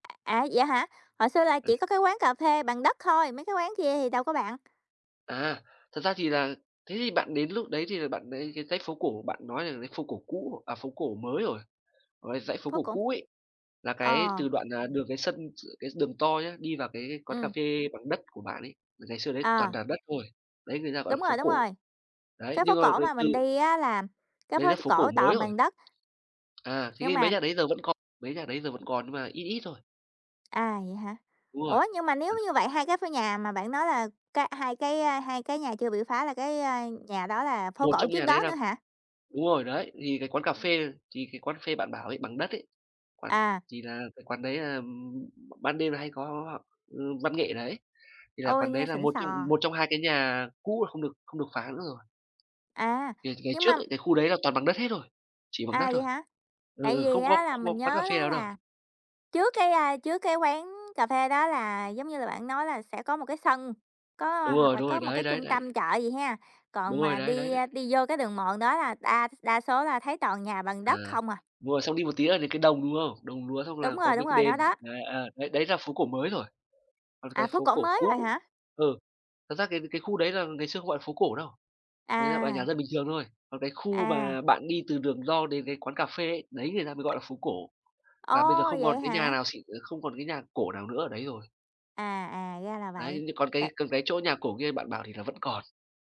À, vậy hả? Hồi xưa là Ừ. chỉ có cái quán cà phê bằng đất thôi, mấy cái quán kia thì đâu có, bạn. À, thật ra thì là thế thì bạn đến lúc đấy thì là bạn đến cái dãy phố cổ bạn nói là dãy phố cổ cũ, à, phố cổ mới rồi, còn cái dãy phố Phố cổ cổ. cũ ấy, là Ờ. cái từ đoạn, à, đường cái sân tr cái đường to nhá, đi vào cái quán cà Ừm. phê bằng đất của bạn ấy, ngày xưa đấy toàn À. là đất thôi. Đấy người ta gọi Đúng là phố rồi, đúng cổ. rồi. Đấy, Cái phố nhưng mà cổ về mà từ mình đi á là cái Đấy phố là t phố cổ cổ mới toàn rồi. bằng đất. À, thế Nhưng thì mấy mà nhà đấy bây giờ vẫn còn mấy nhà đấy giờ vẫn còn nhưng mà ít ít thôi. À, vậy hả? Đúng rồi. Ủa, nhưng mà nếu như vậy hai cái ph nhà mà bạn nói là cái hai cái hai cái nhà chưa bị phá là cái, à, nhà đó là phố Một cổ trong trước nhà đấy đó là nữa hả? đúng rồi, đấy, thì cái quán cà Ừm. phê thì cái quán cà phê bạn bảo ấy, bằng đất ấy, quán À. thì là cái quán đấy là, ừm, b ban đêm là hay có họ ừm, văn nghệ đấy. Thì là Ôi, quán đấy nghe là xịn một trong xò! một trong hai cái nhà cũ mà không được không được phá nữa rồi. À! Thì ngày Nhưng mà trước ấy, cái khu đấy là toàn bằng đất hết thôi. Chỉ bằng đất À, vậy thôi. hả? Ừ, Tại ừ, vì không có á là không có mình quán cà nhớ phê đó nào đâu. là trước cái à, trước cái quán cà phê đó là giống như là bạn nói là sẽ có một cái sân, có Đúng hoặc rồi, là đúng có rồi, một đấy, cái đấy, trung đấy. tâm chợ gì ha, Đúng còn rồi, mà đấy, đấy, đi, đấy. ơ, đi vô cái đường mòn đó là đa s đa số là thấy toàn nhà bằng À, đất không à. đúng rồi, xong đi một tí là đến cái đồng, đúng không? Đồng lúa xong Đúng là có rồi, đúng mấy cái rồi, đền, nó đó. đấy, à, đấy đấy là phố cổ mới rồi. Còn cái À, phố phố cổ cổ mới rồi cũ hả? ừ, thật ra cái cái khu đấy là ngày xưa không gọi là phố cổ đâu. Đấy là gọi là nhà À. dân bình thường thôi. Còn cái khu mà À. bạn đi từ đường to đến cái quán cà phê ấy, đấy người ta mới gọi là phố cổ. Và bây giờ Ồ! không còn Vậy cái nhà hả? nào xịn, ờ, không còn cái nhà cổ nào nữa ở đấy rồi. À, à, ra là vậy. Đấy, nhưng còn cái Tại còn cái chỗ nhà cổ kia bạn bảo thì là vẫn còn.